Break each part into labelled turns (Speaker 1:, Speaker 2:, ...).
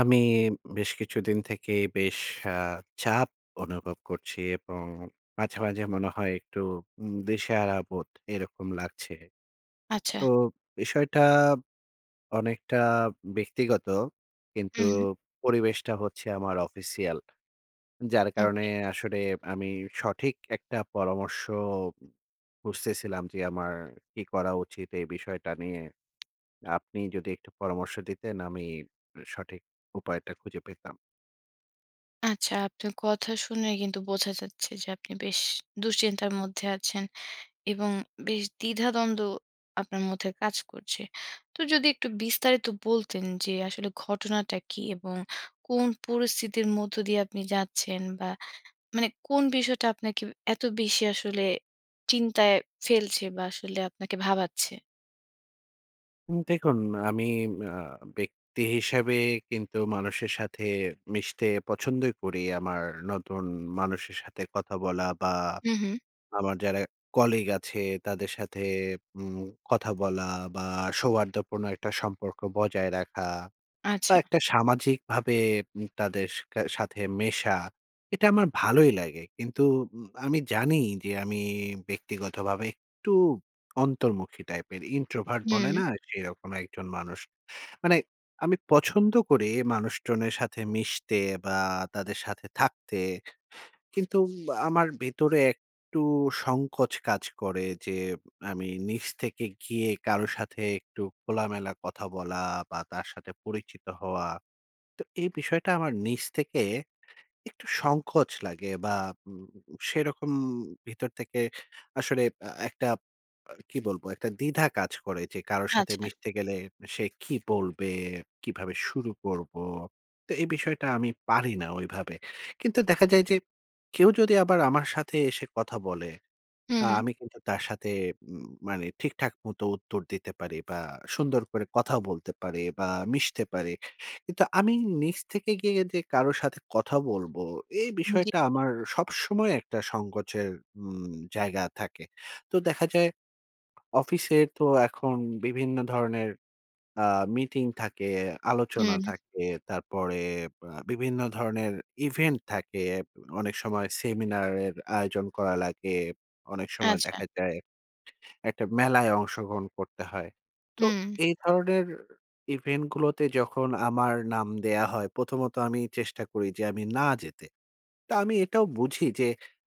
Speaker 1: আমি বেশ কিছুদিন থেকে বেশ আ চাপ অনুভব করছি এবং মাঝে, মাঝে মনে হয় একটু দিশেহারা বোধ, এরকম লাগছে।
Speaker 2: আচ্ছা।
Speaker 1: তো বিষয়টা অনেকটা ব্যক্তিগত কিন্তু,
Speaker 2: হুম।
Speaker 1: পরিবেশটা হচ্ছে আমার অফিসিয়াল। যার কারণে
Speaker 2: ওকে।
Speaker 1: আসলে আমি সঠিক একটা পরামর্শ খুজতেছিলাম, যে আমার কি করা উচিত এই বিষয়টা নিয়ে? আপনি যদি একটু পরামর্শ দিতেন, আমি সঠিক উপায়টা খুঁজে পেতাম।
Speaker 2: আচ্ছা, আপনার কথা শুনে কিন্তু বোঝা যাচ্ছে যে, আপনি বেশ দুশ্চিন্তার মধ্যে আছেন এবং বেশ দ্বিধাদ্বন্দ্ব আপনার মধ্যে কাজ করছে। তো যদি একটু বিস্তারিত বলতেন যে, আসলে ঘটনাটা কি এবং কোন পরিস্থিতির মধ্য দিয়ে আপনি যাচ্ছেন বা মানে কোন বিষয়টা আপনাকে এত বেশি আসলে চিন্তায় ফেলছে বা আসলে আপনাকে ভাবাচ্ছে?
Speaker 1: উম দেখুন আমি আ ব্যক্তি হিসাবে কিন্তু মানুষের সাথে মিশতে পছন্দই করি, আমার নতুন মানুষের সাথে কথা বলা বা
Speaker 2: হুম, হুম।
Speaker 1: আমার যারা কলিগ আছে, তাদের সাথে উম কথা বলা বা সৌহার্দ্যপূর্ণ একটা সম্পর্ক বজায় রাখা বা
Speaker 2: আচ্ছা।
Speaker 1: একটা সামাজিকভাবে তাদের কে সাথে মেশা। এটা আমার ভালোই লাগে। কিন্তু উম আমি জানি যে, আমি ব্যক্তিগতভাবে একটু অন্তর্মুখী টাইপের, ইন্ট্রোভার্ট বলে
Speaker 2: হুম।
Speaker 1: না? সেরকম একজন মানুষ। মানে আমি পছন্দ করি মানুষজনের সাথে মিশতে বা তাদের সাথে থাকতে কিন্তু, আমার ভেতরে একটু সংকোচ কাজ করে যে, আমি নিজ থেকে গিয়ে কারো সাথে একটু খোলামেলা কথা বলা বা তার সাথে পরিচিত হওয়া। তো এই বিষয়টা আমার নিজ থেকে একটু সংকোচ লাগে বা উম সেরকম ভিতর থেকে আসলে, আ একটা কি বলবো? একটা দ্বিধা কাজ করে যে, কারো সাথে
Speaker 2: আচ্ছা।
Speaker 1: মিশতে গেলে, সে কী বলবে, কীভাবে শুরু করব? তো এই বিষয়টা আমি পারি না ওইভাবে। কিন্তু দেখা যায় যে, কেউ যদি আবার আমার সাথে এসে কথা বলে,
Speaker 2: হুম,
Speaker 1: আ
Speaker 2: হুম।
Speaker 1: আমি কিন্তু তার সাথে উম মানে, ঠিকঠাক মতো উত্তর দিতে পারি বা সুন্দর করে কথা বলতে পারি বা মিশতে পারি। কিন্তু আমি নিজ থেকে গিয়ে যে কারো সাথে কথা বলবো, এই
Speaker 2: উম জি।
Speaker 1: বিষয়টা আমার সবসময় একটা সংকোচের উম জায়গা থাকে। তো দেখা যায়, অফিসে তো এখন বিভিন্ন ধরনের আ মিটিং থাকে, আলোচনা
Speaker 2: হুম।
Speaker 1: থাকে। তারপরে আ বিভিন্ন ধরনের ইভেন্ট থাকে। অনেক সময় সেমিনারের আয়োজন করা লাগে। অনেক সময়
Speaker 2: আচ্ছা।
Speaker 1: দেখা যায়, একটা মেলায় অংশগ্রহণ করতে হয়। তো
Speaker 2: হুম।
Speaker 1: এই ধরনের ইভেন্ট গুলোতে যখন আমার নাম দেয়া হয়, প্রথমত আমি চেষ্টা করি যে, আমি না যেতে। তো আমি এটাও বুঝি যে,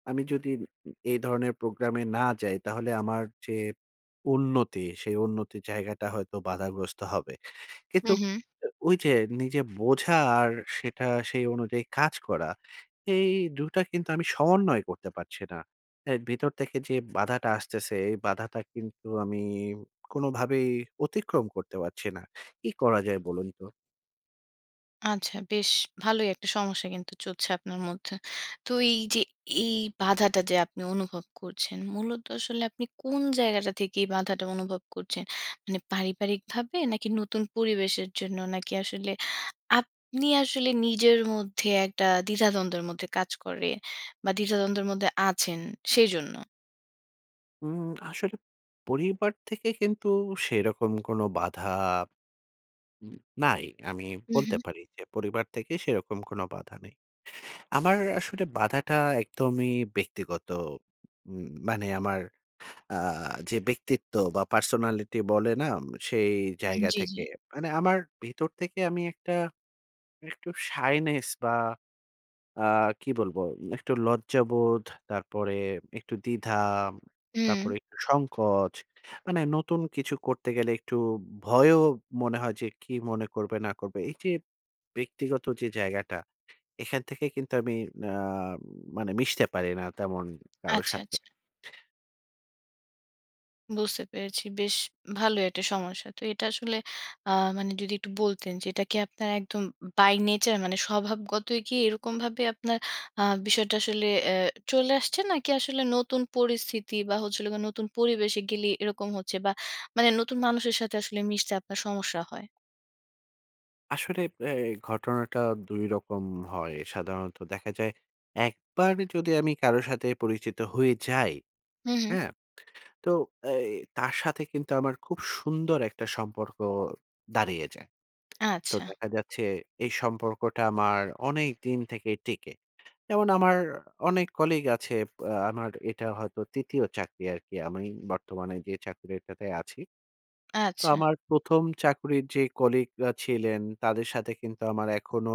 Speaker 1: আমি যদি উ এই ধরনের প্রোগ্রামে না যাই, তাহলে আমার যে উন্নতি, সেই উন্নতির জায়গাটা হয়তো বাধাগ্রস্ত হবে।
Speaker 2: হুম,
Speaker 1: কিন্তু
Speaker 2: হুম।
Speaker 1: ও ওইযে নিজে বোঝা আর সেটা সেই অনুযায়ী কাজ করা, এই ২ টা কিন্তু আমি সমন্বয় করতে পারছি না। এই ভিতর থেকে যে বাধাটা আসতেছে, এই বাধাটা কিন্তু আমি কোনভাবেই অতিক্রম করতে পারছি না। কি করা যায় বলুন তো?
Speaker 2: আচ্ছা বেশ ভালোই একটা সমস্যা কিন্তু চলছে আপনার মধ্যে। তো এই যে এই বাধাটা যে আপনি অনুভব করছেন, মূলত আসলে আপনি কোন জায়গাটা থেকে এই বাঁধাটা অনুভব করছেন? মানে পারিবারিকভাবে নাকি নতুন পরিবেশের জন্য, নাকি আসলে আপনি আসলে নিজের মধ্যে একটা দ্বিধাদ্বন্দ্বের মধ্যে কাজ করে বা দ্বিধাদ্বন্দ্বের মধ্যে আছেন, সেইজন্য?
Speaker 1: উম আসলে পরিবার থেকে কিন্তু সেরকম কোনো বাধা উম নাই। আমি বলতে
Speaker 2: উহুম।
Speaker 1: পারি যে, পরিবার থেকে সেরকম কোনো বাধা নেই। আমার আসলে বাধাটা একদমই ব্যক্তিগত। উম মানে আমার আ যে ব্যক্তিত্ব বা পার্সোনালিটি বলে না? সেই জায়গা
Speaker 2: জি, জি।
Speaker 1: থেকে। মানে আমার ভিতর থেকে আমি একটা, একটু শাইনেস বা আ কি বলব? একটু লজ্জাবোধ, তারপরে একটু দ্বিধা,
Speaker 2: হুম।
Speaker 1: তারপরে একটু সংকোচ, মানে নতুন কিছু করতে গেলে একটু ভয়ও মনে হয় যে, কি মনে করবে না করবে? এই যে ব্যক্তিগত যে জায়গাটা, এখান থেকে কিন্তু আমি না মানে মিশতে পারি না তেমন কারো
Speaker 2: আচ্ছা,
Speaker 1: সাথে।
Speaker 2: আচ্ছা। বুঝতে পেরেছি। বেশ ভালোই একটা সমস্যা। তো এটা আসলে আ মানে যদি একটু বলতেন যে, এটা কি আপনার একদম উম by nature, মানে স্বভাবগতই কি এরকমভাবে আপনার আ বিষয়টা আসলে অ্যা চলে আসছে? নাকি আসলে নতুন পরিস্থিতি বা, হচ্ছে হল গে নতুন পরিবেশে গেলেই এরকম হচ্ছে? বা, মানে নতুন মানুষের সাথে আসলে মিশতে আপনার সমস্যা হয়?
Speaker 1: আসলে ব্য ঘটনাটা ২ রকম হয়। সাধারণত দেখা যায়, একবার যদি আমি কারো সাথে পরিচিত হয়ে যাই,
Speaker 2: হুঁ, হুঁ।
Speaker 1: হ্যাঁ? তো এই তার সাথে কিন্তু আমার খুব সুন্দর একটা সম্পর্ক দাঁড়িয়ে যায়। তো
Speaker 2: আচ্ছা।
Speaker 1: দেখা যাচ্ছে, এই সম্পর্কটা আমার অনেক দিন থেকে টেকে। যেমন আমার অনেক কলিগ আছে আ আমার এটা হয়তো ৩য় চাকরি আরকি। আমি বর্তমানে যে চাকরিটাতে আছি। তো
Speaker 2: আচ্ছা।
Speaker 1: আমার ১ম চাকুরির যে কলিগরা ছিলেন, তাদের সাথে কিন্তু আমার এখনো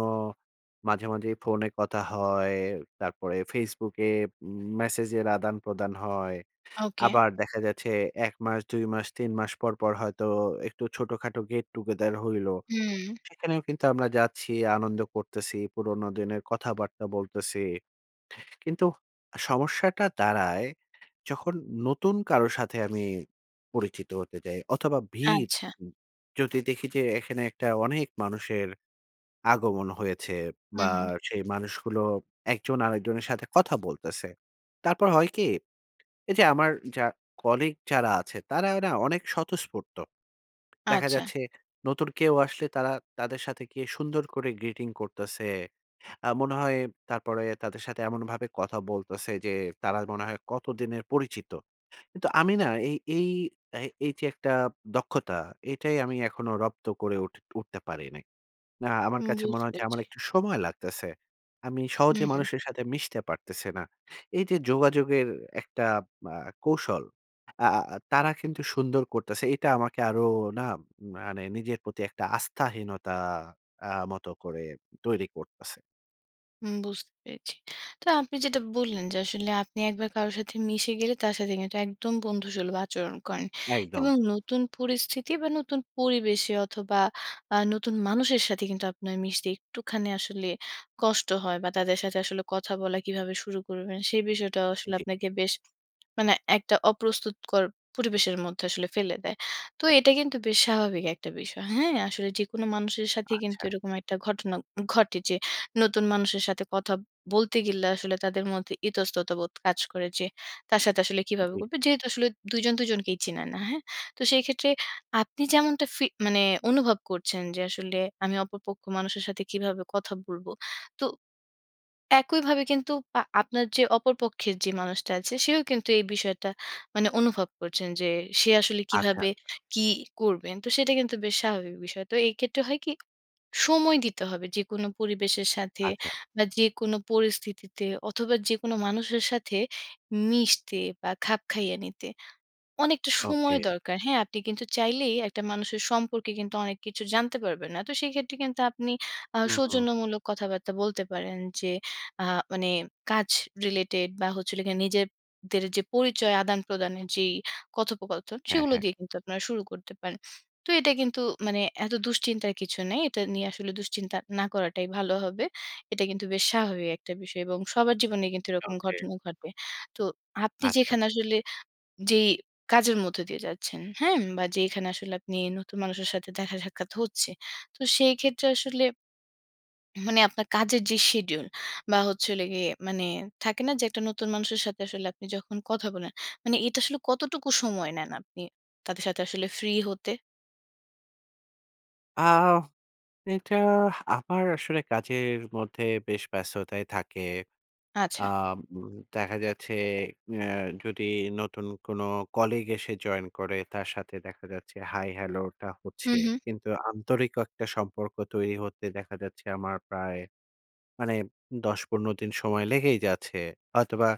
Speaker 1: মাঝে, মাঝেই ফোনে কথা হয়। তারপরে ফেসবুকে উম ম্যাসেজের আদান-প্রদান হয়।
Speaker 2: ওকে।
Speaker 1: আবার দেখা যাচ্ছে ১ মাস, ২ মাস, ৩ মাস পর, পর হয়তো একটু ছোটখাটো গেট টুগেদার হইলো।
Speaker 2: হুউম।
Speaker 1: সেখানেও কিন্তু আমরা যাচ্ছি, আনন্দ করতেছি, পুরনো দিনের কথাবার্তা বলতেছি। কিন্তু সমস্যাটা দাঁড়ায়, যখন নতুন কারো সাথে আমি পরিচিত হতে যাই। অথবা, ভিড়
Speaker 2: আচ্ছা।
Speaker 1: উ যদি দেখি যে, এখানে একটা অনেক মানুষের আগমন হয়েছে।
Speaker 2: হু,
Speaker 1: বা,
Speaker 2: হু।
Speaker 1: সেই মানুষগুলো একজন আরেকজনের সাথে কথা বলতেছে। তারপর হয় কি? এইযে আমার যা কলিগ যারা আছে, তারা এ না অনেক স্বতঃস্ফূর্ত। দেখা
Speaker 2: আচ্ছা।
Speaker 1: যাচ্ছে নতুন কেউ আসলে, তারা তাদের সাথে গিয়ে সুন্দর করে গ্রিটিং করতেছে। আ মনে হয় তারপরে তাদের সাথে এমনভাবে কথা বলতেছে যে, তারা মনে হয় কতদিনের পরিচিত। কিন্তু আমি না এই এই আ এইযে একটা দক্ষতা, এটাই আমি এখনো রপ্ত করে উঠ উঠতে পারি নাই। না আমার
Speaker 2: হু।
Speaker 1: কাছে মনে
Speaker 2: বুঝতে
Speaker 1: হয় যে আমার
Speaker 2: পেরেছি।
Speaker 1: একটু সময় লাগতেছে। আমি
Speaker 2: হু,
Speaker 1: সহজে
Speaker 2: হু।
Speaker 1: মানুষের সাথে মিশতে পারতেছি না। এইযে যোগাযোগের একটা মা কৌশল, আ আ তারা কিন্তু সুন্দর করতেছে। এটা আমাকে আরো না, মানে নিজের প্রতি একটা আস্থাহীনতা আ মত করে তৈরি করতেছে।
Speaker 2: হুম, বুঝতে পেরেছি। তো আপনি যেটা বললেন যে, আসলে আপনি একবার কারো সাথে মিশে গেলে, তার সাথে কিন্তু একদম বন্ধুসুলভ আচরণ করেন।
Speaker 1: একদম।
Speaker 2: এবং নতুন পরিস্থিতি বা নতুন পরিবেশে অথবা আ নতুন মানুষের সাথে কিন্তু আপনার মিশতে, একটুখানি আসলে কষ্ট হয় বা তাদের সাথে আসলে কথা বলা কিভাবে শুরু করবেন? সেই বিষয়টাও আসলে
Speaker 1: জি।
Speaker 2: আপনাকে বেশ, মানে একটা অপ্রস্তুতকর পরিবেশের মধ্যে আসলে ফেলে দেয়। তো এটা কিন্তু বেশ স্বাভাবিক একটা বিষয়। হ্যাঁ? আসলে যে কোন মানুষের সাথেই কিন্তু
Speaker 1: আচ্ছা।
Speaker 2: এরকম একটা ঘটনা ঘটে যে, নতুন মানুষের সাথে কথা বলতে গেলে, আসলে তাদের মধ্যে ইতস্ততাবোধ কাজ করে যে, তার সাথে আসলে কিভাবে
Speaker 1: জি।
Speaker 2: করবে? যেহেতু আসলে ২ জন ২ জনকেই চিনে না। হ্যাঁ? তো সেইক্ষেত্রে আপনি যেমনটা ফি মানে অনুভব করছেন যে, আসলে, "আমি অপরপক্ষ মানুষের সাথে কিভাবে কথা বলব?" তো একইভাবে কিন্তু আ আপনার যে অপর পক্ষের যে মানুষটা আছে, সেও কিন্তু এই বিষয়টা মানে অনুভব করছেন যে, সে আসলে
Speaker 1: আচ্ছা।
Speaker 2: কিভাবে, কি করবেন? তো সেটা কিন্তু বেশ স্বাভাবিক বিষয়। তো এক্ষেত্রে হয় কি? সময় দিতে হবে যেকোনো পরিবেশের সাথে
Speaker 1: আচ্ছা।
Speaker 2: বা যেকোন পরিস্থিতিতে, অথবা যেকোনো মানুষের সাথে, মিশতে বা খাপ খাইয়ে নিতে। অনেকটা সময়
Speaker 1: ওকে।
Speaker 2: দরকার। হ্যাঁ? আপনি কিন্তু চাইলেই একটা মানুষের সম্পর্কে, অনেক কিছু জানতে পারবেন না। তো সেক্ষেত্রে কিন্তু আপনি আ
Speaker 1: হুম, হুম।
Speaker 2: সৌজন্যমূলক কথাবার্তা বলতে পারেন যে, আ মানে কাজ রিলেটেড বা হচ্ছিল গিয়ে, নিজেদের যে পরিচয় আদানপ্রদানের যেই কথোপকথন,
Speaker 1: হ্যাঁ,
Speaker 2: সেগুলো
Speaker 1: হ্যাঁ।
Speaker 2: দিয়ে কিন্তু আপনারা শুরু করতে পারেন। তো এটা কিন্তু মানে এত দুশ্চিন্তার কিছু নেই। এটা নিয়ে আসলে দুশ্চিন্তা না করাটাই ভালো হবে। এটা কিন্তু বেশ স্বাভাবিক একটা বিষয়। এবং সবার জীবনেই কিন্তু এরকম
Speaker 1: ওকে।
Speaker 2: ঘটনা ঘটবে। তো আপনি
Speaker 1: আচ্ছা।
Speaker 2: যেখানে আসলে যেই কাজের মধ্যে দিয়ে যাচ্ছেন, হ্যাঁ? বা যেখানে আসলে আপনি নতুন মানুষের সাথে দেখা-সাক্ষাৎ হচ্ছে, তো সেই ক্ষেত্রে আসলে হুম, মানে আপনার কাজের যে শিডিউল বা হচ্ছিল গিয়ে, মানে থাকে না? যে, একটা নতুন মানুষের সাথে আসলে আপনি যখন কথা বলেন, মানে এটা আসলে কতটুকু সময় নেন আপনি, তাদের সাথে আসলে ফ্রি হতে?
Speaker 1: আও এটা আমার আসলে কাজের মধ্যে বেশ ব্যস্ততায় থাকে। আ
Speaker 2: আচ্ছা।
Speaker 1: উম দেখা যাচ্ছে অ্যা যদি নতুন কোনো কলিগ এসে জয়েন করে, তার সাথে দেখা যাচ্ছে হাই, হ্যালোটা
Speaker 2: হুম,
Speaker 1: হচ্ছে।
Speaker 2: হুম।
Speaker 1: কিন্তু আন্তরিক ক একটা সম্পর্ক তৈরি হতে দেখা যাচ্ছে আমার প্রায় মানে ১০-১৫ দিন সময় লেগেই যাচ্ছে। হয়তোবা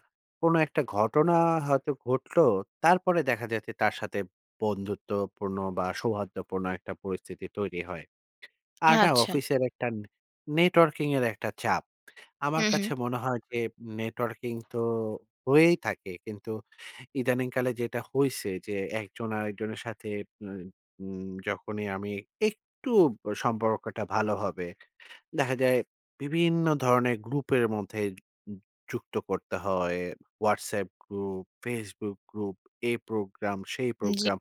Speaker 1: কোন একটা ঘটনা হয়তো ঘটলো। তারপরে দেখা যাচ্ছে তার সাথে বন্ধুত্বপূর্ণ বা, সৌহার্দ্যপূর্ণ একটা পরিস্থিতি তৈরি হয়। আর না,
Speaker 2: আচ্ছা।
Speaker 1: অফিসের একটা নেটওয়ার্কিংয়ের একটা চাপ।
Speaker 2: হু,
Speaker 1: আমার
Speaker 2: হুম।
Speaker 1: কাছে মনে হয় যে নেটওয়ার্কিং তো হয়েই থাকে। কিন্তু ইদানিং কালে যেটা হইছে যে, একজন আরেকজনের সাথে মায় উম যখনই আমি একটু ব সম্পর্কটা ভালো হবে, দেখা যায় বিভিন্ন ধরনের গ্রুপের মধ্যে উ যু যুক্ত করতে হয়। Whatsapp গ্রুপ, Facebook গ্রুপ, এই প্রোগ্রাম, সেই
Speaker 2: জি।
Speaker 1: প্রোগ্রাম।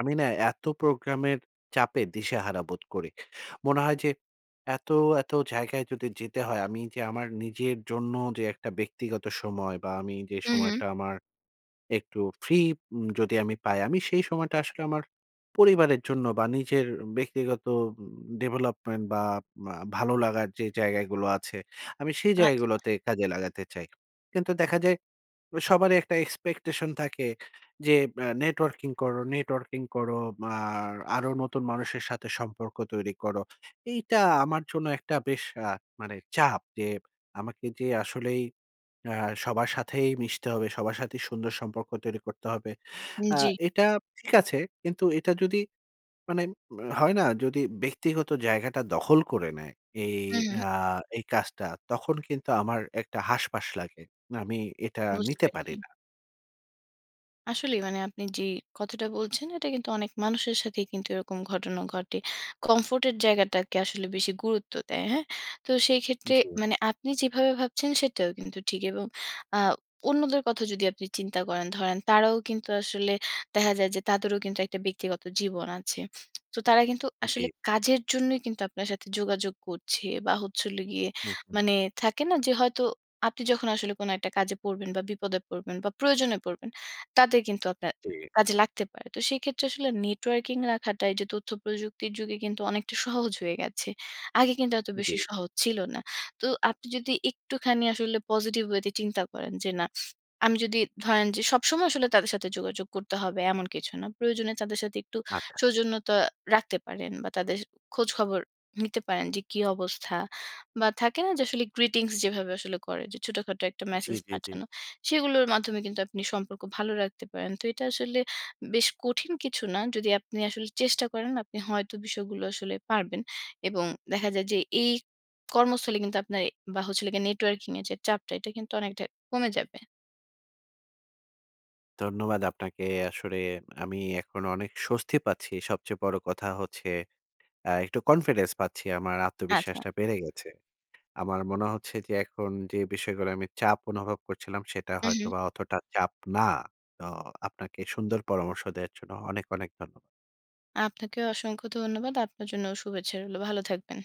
Speaker 1: আমি না এত প্রোগ্রামের চাপে দিশাহারা বোধ করি। মনে হয় যে এত, এত জায়গায় যদি যেতে হয়, আমি যে আমার নিজের জন্য যে একটা ব্যক্তিগত সময় বা, আমি যে
Speaker 2: হু, হুম।
Speaker 1: সময়টা আমার একটু ফ্রি উম যদি আমি পাই, আমি সেই সময়টা আসলে আমার পরিবারের জন্য বা, নিজের ব্যক্তিগত উম ডেভেলপমেন্ট বা, বা ভালো লাগার যে জায়গাগুলো আছে, আমি সেই
Speaker 2: আচ্ছা।
Speaker 1: জায়গাগুলোতে কাজে লাগাতে চাই। কিন্তু দেখা যায় আ সবারই একটা এক্সপেকটেশন থাকে। যে বা "নেটওয়ার্কিং করো, নেটওয়ার্কিং করো। আ আরো নতুন মানুষের সাথে সম্পর্ক তৈরি করো।" এইটা আমার জন্য একটা বেশ আ মানে চাপ। যে আমাকে যে আসলেই আ সবার সাথেই মিশতে হবে। সবার সাথেই সুন্দর সম্পর্ক তৈরি করতে হবে।
Speaker 2: উ
Speaker 1: আ
Speaker 2: জি।
Speaker 1: এটা ঠিক আছে। কিন্তু এটা যদি মানে, মা হয় না? যদি ব্যক্তিগত জায়গাটা দখল করে নেয় এই
Speaker 2: হু, হুম।
Speaker 1: আ এই কাজটা, তখন কিন্তু আমার একটা হাসফাস লাগে। মা আমি এটা
Speaker 2: বুঝতে
Speaker 1: নিতে পারি
Speaker 2: পেরেছি।
Speaker 1: না।
Speaker 2: আসলেই মানে আপনি যেই কথাটা বলছেন এটা কিন্তু অনেক মানুষের সাথেই কিন্তু এরকম ঘটনা ঘটে। কমফোর্ট এর জায়গাটাকে আসলে বেশি গুরুত্ব দেয়। হ্যাঁ? তো সেই ক্ষেত্রে
Speaker 1: জী।
Speaker 2: মানে আপনি যেভাবে ভাবছেন সেটাও কিন্তু ঠিক এবং আ অন্যদের কথা যদি আপনি চিন্তা করেন, ধরেন, তারাও কিন্তু আসলে দেখা যায় যে তাদেরও কিন্তু একটা ব্যক্তিগত জীবন আছে। তো তারা কিন্তু আসলে
Speaker 1: জ্বী।
Speaker 2: কাজের জন্যই কিন্তু আপনার সাথে যোগাযোগ করছে বা হচ্ছে হলো গিয়ে
Speaker 1: হু, হু।
Speaker 2: মানে থাকে না যে হয়তো আপনি যখন আসলে কোন একটা কাজে পড়বেন বা বিপদে পড়বেন বা প্রয়োজনে পড়বেন, তাদের কিন্তু আপনার
Speaker 1: জি।
Speaker 2: কাজে লাগতে পারে। তো সেইক্ষেত্রে আসলে নেটওয়র্কিং রাখাটাই যে তথ্য প্রযুক্তির যুগে কিন্তু অনেকটা সহজ হয়ে গেছে। আগে কিন্তু এত
Speaker 1: জ্বী।
Speaker 2: বেশি সহজ ছিল না। তো আপনি যদি একটুখানি আসলে পজিটিভ ওয়েতে চিন্তা করেন যে না আমি যদি ধরেন যে সবসময় আসলে তাদের সাথে যোগাযোগ করতে হবে এমন কিছু না। প্রয়োজনে তাদের সাথে একটু
Speaker 1: আচ্ছা।
Speaker 2: সৌজন্যতা রাখতে পারেন বা তাদের খোঁজখবর নিতে পারেন যে কি অবস্থা বা থাকে না যে আসলে greetings যেভাবে আসলে করে। যে ছোটখাটো একটা
Speaker 1: জী,
Speaker 2: মেসেজ
Speaker 1: জী, জী।
Speaker 2: পাঠানো। সেগুলোর মাধ্যমে কিন্তু আপনি সম্পর্ক ভালো রাখতে পারেন। তো এটা আসলে বেশ কঠিন কিছু না। যদি আপনি আসলে চেষ্টা করেন, আপনি হয়তো বিষয়গুলো আসলে পারবেন। এবং দেখা যায় যে এই কর্মস্থলে কিন্তু আপনা অ্যা বা হচ্ছে হলো গিয়ে নেটওয়ার্কিং এর যে চাপটা এটা কিন্তু অনেকটা কমে যাবে।
Speaker 1: ধন্যবাদ আপনাকে। আসলে আমি এখন অনেক স্বস্তি পাচ্ছি। সবচেয়ে বড় কথা হচ্ছে আ একটু কনফিডেন্স পাচ্ছি। আমার
Speaker 2: আচ্ছা।
Speaker 1: আত্মবিশ্বাসটা বেড়ে গেছে। আমার মনে হচ্ছে যে এখন যে বিষয়গুলো আমি চাপ অনুভব করছিলাম সেটা
Speaker 2: উহু।
Speaker 1: হয়তোবা অতটা চাপ না। তো আপনাকে সুন্দর পরামর্শ দেওয়ার জন্য অনেক, অনেক ধন্যবাদ।
Speaker 2: আপনাকেও অসংখ্য ধন্যবাদ। আপনার জন্যও শুভেচ্ছা রইল। ভালো থাকবেন।